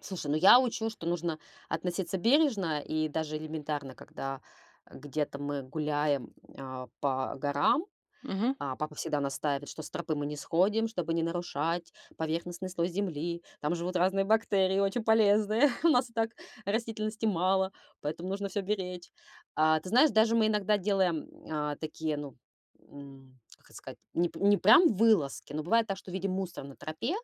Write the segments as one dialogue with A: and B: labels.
A: Слушай, ну, я учу, что нужно относиться бережно. И даже элементарно, когда, э, где-то мы гуляем, а, по горам,
B: Мгм.
A: а, папа всегда настаивает, что с тропы мы не сходим, чтобы не нарушать поверхностный слой земли. Там живут разные бактерии, очень полезные. У нас и так растительности мало, поэтому нужно всё беречь. А ты знаешь, даже мы иногда делаем, м, а, такие, ну, м, как это сказать, не п не прям вылазки, но бывает так, что видим мусор на тропе,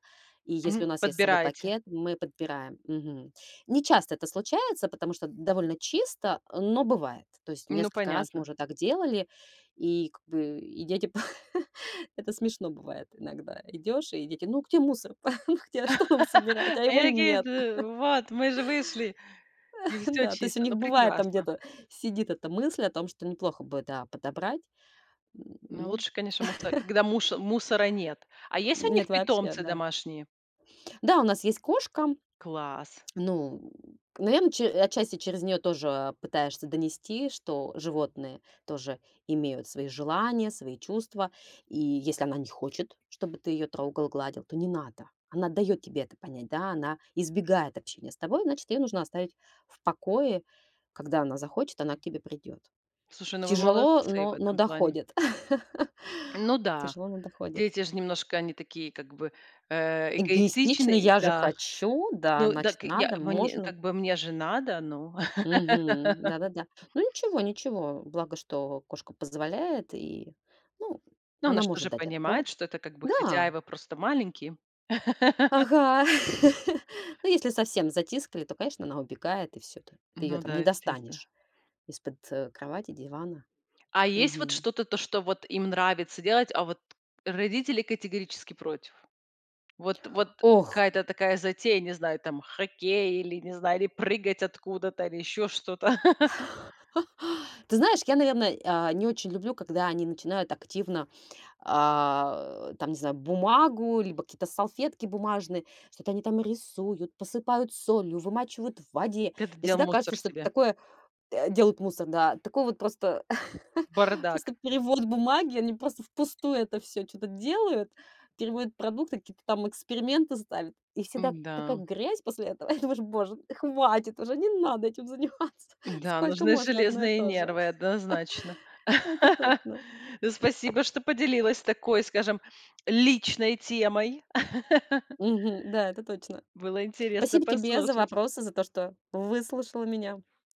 A: и если
B: Мгм.
A: у нас есть с собой
B: Подбираете.
A: пакет, мы подбираем, мгм. Нечасто это случается, потому что довольно чисто, а, но бывает. То есть
B: Ну,
A: несколько раз мы
B: понятно.
A: уже так делали, и как бы и дети Это смешно бывает: иногда идёшь, и дети: "Ну, где мусор, там, где? А что нам собирать?" А
B: Они
A: его
B: такие:
A: нет.
B: "Т вот, мы же вышли, и всё
A: Да, то есть у
B: чисто".
A: них
B: Ну,
A: бывает, там
B: прекрасно.
A: где-то сидит эта мысль о том, что неплохо бы, да, подобрать.
B: Ну,
A: Ну.
B: лучше, конечно, мусора, когда мушо мусора нет. А есть у них
A: Нет, вообще,
B: питомцы
A: да.
B: домашние?
A: Да, у нас есть кошка.
B: Класс!
A: Ну, наверно, ч отчасти через неё тоже, а, пытаешься донести, что животные тоже имеют свои желания, свои чувства. И если она не хочет, чтобы ты её трогал, гладил, то не надо. Она даёт тебе это понять, да, она избегает общения с тобой, значит, её нужно оставить в покое. Когда она захочет, она к тебе придёт.
B: Слушай, ну, вы
A: Тяжело,
B: молодцы в
A: но но
B: этом плане.
A: доходит,
B: Ну да,
A: тяжело, но доходит.
B: дети ж немножко, они такие как бы, э,
A: Эгоистично.
B: эгоистичные,
A: Я же
B: да.
A: хочу. Да,
B: Ну да,
A: значит,
B: к я
A: надо,
B: бы не
A: можно.
B: как бы, мне же надо, ну.
A: Мгм, да-да-да. Ну, ничего, ничего. Благо, что кошка позволяет, и, ну,
B: Ну, она
A: она
B: ж
A: может
B: тоже
A: дать
B: понимает,
A: отпор.
B: что это как бы,
A: Да.
B: хозяева просто маленькие.
A: Ага. Ну, если совсем затискали, то, конечно, она убегает и всё т Ты её
B: Ну
A: там не
B: да. [unintelligible]
A: достанешь из-под, э, кровати, дивана.
B: А есть вот
A: Мгм.
B: что-то, то, что вот им нравится делать, а вот родители категорически против? Вот вот
A: Ох.
B: какая-то такая затея, не знаю, там, хоккей или, не знаю, или прыгать откуда-то, или ещё что-то.
A: Ты знаешь, я, наверное, а, не очень люблю, когда они начинают активно, а, э, там, не знаю, бумагу либо какие-то салфетки бумажные- что-то они там рисуют, посыпают солью, вымачивают в воде.
B: Ты это
A: Мне
B: делал
A: всегда
B: мусор
A: кажется, что это
B: себе.
A: такое, э, делают мусор, да, такой вот просто
B: Бардак.
A: просто перевод бумаги, они просто впустую это всё чё-то делают, переводят продукты, какие-то там эксперименты ставят. И всегда к такая
B: М-да.
A: грязь после этого. И думаешь: "Боже, хватит уже, не надо этим заниматься,
B: Да,
A: сколько
B: нужны
A: можно одно и
B: железные
A: то же".
B: нервы однозначно.
A: Это точно.
B: Ну, спасибо, что поделилась такой, скажем, личной темой.
A: Мгм. Да, это точно.
B: Было интересно
A: Спасибо тебе за
B: послушать.
A: вопросы, за то, что выслушала меня.